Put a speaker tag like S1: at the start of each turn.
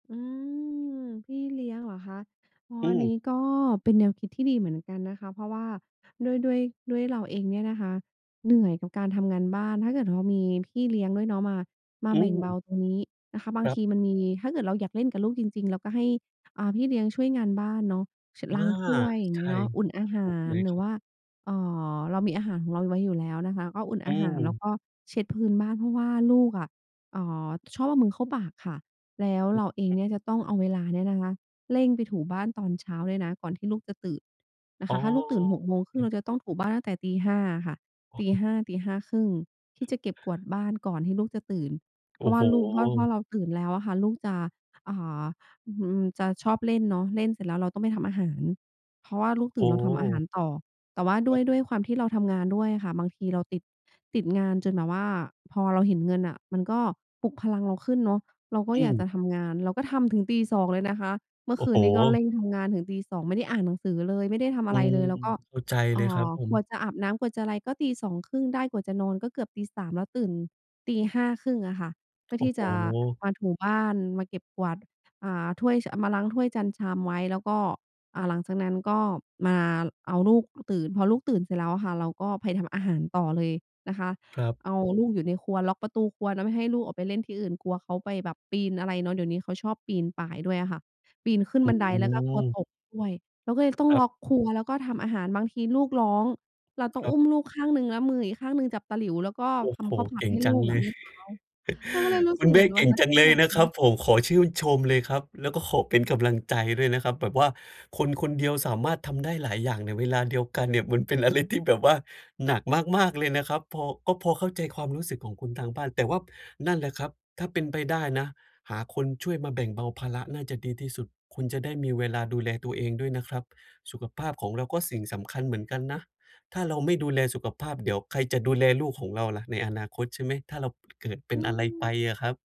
S1: อืม พี่เลี้ยงเหรอคะ? อ๋อ
S2: อื
S1: อันน
S2: ม
S1: ี้ก็เป็นแนวคิดที่ดีเหมือนกันนะคะ เพราะว่าด้วย ด้วย ด้วยเราเองเนี่ยนะคะเหนื่อยกับการทำงานบ้าน ถ้าเกิดว่ามีพี่เลี้ยงด้วยเนาะมา มา
S2: อ
S1: แบ่งเบ
S2: ืม
S1: าตรงนี้นะคะ บา
S2: ค
S1: ง
S2: รั
S1: ท
S2: บ
S1: ีมันมี ถ้าเกิดเราอยากเล่นกับลูกจริง ๆ เราก็ให้ อ่า พี่เลี้ยงช่วยงานบ้านเนาะ เช็ด
S2: อา
S1: ล้างถ้วย อย่า
S2: ใ
S1: ง
S2: ช
S1: เงี้
S2: ่
S1: ยเนาะ อุ่นอาห
S2: ถู
S1: า
S2: กเล
S1: ร
S2: ย
S1: หร
S2: ค
S1: ือ
S2: รั
S1: ว
S2: บ
S1: ่า เอ่อ เรามีอาหารของเราไว้อยู่แล้วนะคะ ก็อุ่น
S2: อื
S1: อาหาร แล้ว
S2: ม
S1: ก็เช็ดพื้นบ้าน เพราะว่าลูกอะ เอ่อ ชอบเอามือเข้าปากค่ะ แล้ว
S2: อื
S1: เร
S2: อ
S1: าเอง
S2: ฮึ
S1: เนี่ยจะต้องเอาเวลาเนี่ยนะคะเร่งไปถูบ้านตอนเช้าด้วยนะ ก่อนที่ลูกจะตื่นน
S2: อ
S1: ะ
S2: ๋
S1: ค
S2: อ
S1: ะ ถ้าลูกตื่น ห
S2: โ
S1: ก
S2: อ
S1: โมงค
S2: เ
S1: รึ่ง เร
S2: ค
S1: าจะต้องถูบ้านตั้งแต่ตี 5 อะค่ะ
S2: อ
S1: ต
S2: ๋
S1: ี
S2: อ
S1: 5 ตี 5 ครึ่ง ที่จะเก็บกวาดบ้านก่อนที่ลูกจะตื่น
S2: โ
S1: เพ
S2: อ
S1: ร
S2: ้
S1: าะว
S2: โ
S1: ่า
S2: ฮ
S1: ลูก เพราะ เพราะเราตื่นแล้วอะค่ะ ลูกจะ อ่า อืม จะชอบเล่นเนาะ เล่นเสร็จแล้วเราต้องไปทำอาหาร เพราะว่าลูก
S2: โ
S1: ตื่น เราทำอาหา
S2: อ้
S1: รต่อ แต่ว่าด
S2: ค
S1: ้
S2: ร
S1: ว
S2: ับ
S1: ย ด้วยความที่เราทำงานด้วยอะค่ะ บางทีเราติด ติดงานจนแบบว่า พอเราเห็นเงินน่ะมันก็ปลุกพลังเราขึ้นเนาะ เราก็
S2: อื
S1: อยาก
S2: ม
S1: จะทำงาน เราก็ทำถึงตี 2 เลยนะคะ เมื่
S2: โ
S1: อ
S2: อ้
S1: คื
S2: โฮ
S1: นนี้ก็เร่งทำงานถึงตี 2 ไม่ได้อ่านหนังสือเลย ไม่ได้ทำ
S2: อ
S1: อ
S2: ื
S1: ะไร
S2: ม
S1: เลย แล้วก็
S2: เข้าใจ
S1: เ
S2: เ
S1: อ
S2: ล
S1: ่
S2: ยครับ
S1: อ
S2: ผ
S1: กว่
S2: ม
S1: าจะอาบน้ำ กว่าจะอะไรก็ตี 2 ครึ่งได้ กว่าจะนอนก็เกือบตี 3 แล้วตื่นตี 5 ครึ่งอะค่ะ เพื่อ
S2: โอ้
S1: ที่
S2: โฮ
S1: จะมาถูบ้าน มาเก็บกวาด อ่า ถ้วย ช เอามาล้างถ้วยจานชามไว้ แล้วก็ อ่า หลังจากนั้นก็มาเอาลูกตื่น พอลูกตื่นเสร็จแล้วอะค่ะ เราก็ไปทำอาหารต่อเลยนะคะ
S2: ครับ
S1: เอาลูกอยู่ในครัว ล็อกประตูครัวเนาะ ไม่ให้ลูกออกไปเล่นที่อื่น กลัวเขาไปแบบปีนอะไรเนาะ เดี๋ยวนี้เขาชอบปีนป่ายด้วยอะค่ะ ปีนขึ้น
S2: อื
S1: บันได แล้วก็กลัว
S2: ม
S1: ตกด้วย เราก็เลยต้อ
S2: ค
S1: ง
S2: รั
S1: ล
S2: บ
S1: ็อกครัวแล้วก็ทำอาหาร บางทีลูกร้อง เราต้อ
S2: ค
S1: ง
S2: รั
S1: อ
S2: บ
S1: ุ้มลูกข้างหนึ่งแล้วมืออีกข้างหนึ่งจับตะหลิว แล้วก็
S2: โอ้
S1: ท
S2: โฮ
S1: ำข้าวผั
S2: เก
S1: ด
S2: ่ง
S1: ให้
S2: จ
S1: ล
S2: ั
S1: ู
S2: ง
S1: ก
S2: เ
S1: อ
S2: ล
S1: ะ
S2: ย
S1: มื้อเช้า เราก็เลยรู้
S2: คุ
S1: สึ
S2: ณ
S1: ก
S2: แ
S1: เ
S2: ม
S1: หม
S2: ่
S1: ือน
S2: เ
S1: ว
S2: ก
S1: ัน
S2: ่ง
S1: นั้น
S2: จัง
S1: ทั้
S2: เ
S1: ง
S2: ลย
S1: วั
S2: นะครับ
S1: น
S2: ผม ขอชื่นชมเลยครับ แล้วก็ขอเป็นกำลังใจด้วยนะครับ แบบว่าคนคนเดียวสามารถทำได้หลายอย่างในเวลาเดียวกันเนี่ย มันเป็นอะไรที่แบบว่าหนักมาก ๆ เลยนะครับ พอ ก็พอเข้าใจความรู้สึกของคุณทางบ้าน แต่ว่า นั่นแหละครับ ถ้าเป็นไปได้นะหาคนช่วยมาแบ่งเบาภาระน่าจะดีที่สุด คุณจะได้มีเวลาดูแลตัวเองด้วยนะครับ สุขภาพของเราก็สิ่งสำคัญเหมือนกันนะ ถ้าเราไม่ดูแลสุขภาพ เดี๋ยวใครจะดูแลลูกของเราล่ะในอนาคต ใช่ไหม? ถ้าเรา เกิดเป็
S1: อื
S2: นอะไรไป
S1: ม
S2: อะครับ